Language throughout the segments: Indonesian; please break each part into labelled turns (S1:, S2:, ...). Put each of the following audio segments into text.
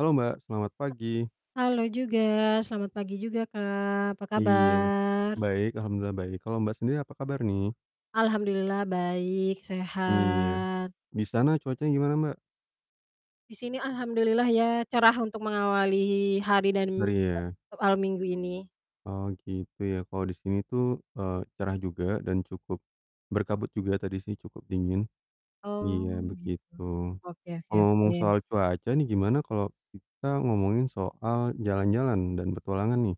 S1: Halo, Mbak, selamat pagi.
S2: Ha halo juga, selamat pagi juga Kak, apa
S1: Iya.
S2: kabar?
S1: Baik, alhamdulillah baik, kalo Mbak sendiri apa kabar nih?
S2: Alhamdulillah baik,
S1: Iya.
S2: sehat.
S1: Di sana cuacanya gimana Mbak?
S2: Di sini alhamdulillah ya cerah untuk mengawali hari dan
S1: Ngeri ya.
S2: [unintelligible] awal minggu ini.
S1: Oh, gitu ya, kalo di sini tuh, eee, cerah juga dan cukup berkabut juga tadi sih cukup dingin.
S2: Oh,
S1: Iya,
S2: gitu,
S1: begitu.
S2: oke oke
S1: Ngomong-ngomong
S2: oke.
S1: soal cuaca nih gimana kalo kita ngomongin soal jalan-jalan dan petualangan nih.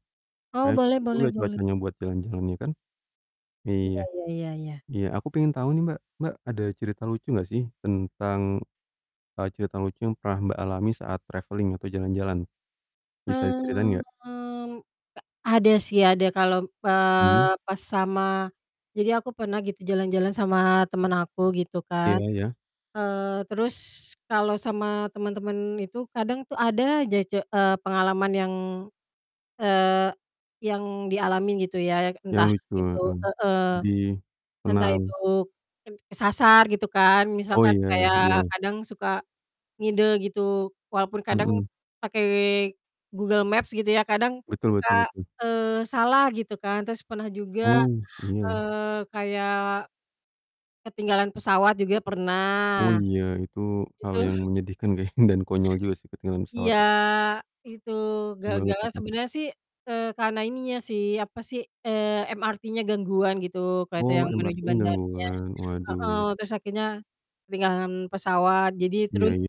S2: Oh,
S1: Kayaknya cocok
S2: boleh boleh
S1: juga
S2: boleh.
S1: cuacanya buat jalan-jalan ya kan?
S2: Iya,
S1: Iya,
S2: ya ya ya.
S1: iya, aku pengen tau nih Mbak, Mbak ada cerita lucu gak sih tentang, eee, cerita lucu yang pernah Mbak alami saat traveling atau jalan-jalan? Bisa diceritain gak?
S2: Mmm, ta ada sih, ada kalau,
S1: Hmm.
S2: eee, pas sama jadi aku pernah gitu jalan-jalan sama temen aku gitu
S1: Iya
S2: kan.
S1: iya.
S2: Eee, terus kalau sama temen-temen itu kadang tuh ada aja ce eee, pengalaman yang, eee, yang dialamin gitu ya yak
S1: Yang
S2: entah
S1: lucu,
S2: itu
S1: heeh,
S2: heeh.
S1: sedih,
S2: Entah itu
S1: senang.
S2: ken kesasar gitu kan,
S1: Oh,
S2: misalkan
S1: iya,
S2: kayak
S1: iya.
S2: kadang suka ngide gitu walaupun kadang
S1: Mhm.
S2: pakai Google Maps gitu ya, kadang
S1: Betul betul
S2: suka,
S1: betul.
S2: eee, salah gitu kan. Terus pernah juga,
S1: Oh, iya.
S2: eee, kayak ketinggalan pesawat juga
S1: Oh,
S2: pernah.
S1: iya, itu hal
S2: Itu
S1: yang menyedihkan kayaknya dan konyol juga sih ketinggalan pesawat.
S2: Iya, itu,
S1: Banget
S2: gagalnya
S1: gitu.
S2: sebenernya sih, eee, karena ininya sih, apa si, eee, MRT-nya gangguan gitu. Kereta
S1: Oh,
S2: yang menuju
S1: MRT-nya
S2: bandaranya
S1: gangguan?
S2: heeh,
S1: Waduh.
S2: terus akhirnya ketinggalan pesawat, jadi
S1: Iya,
S2: terus
S1: ya.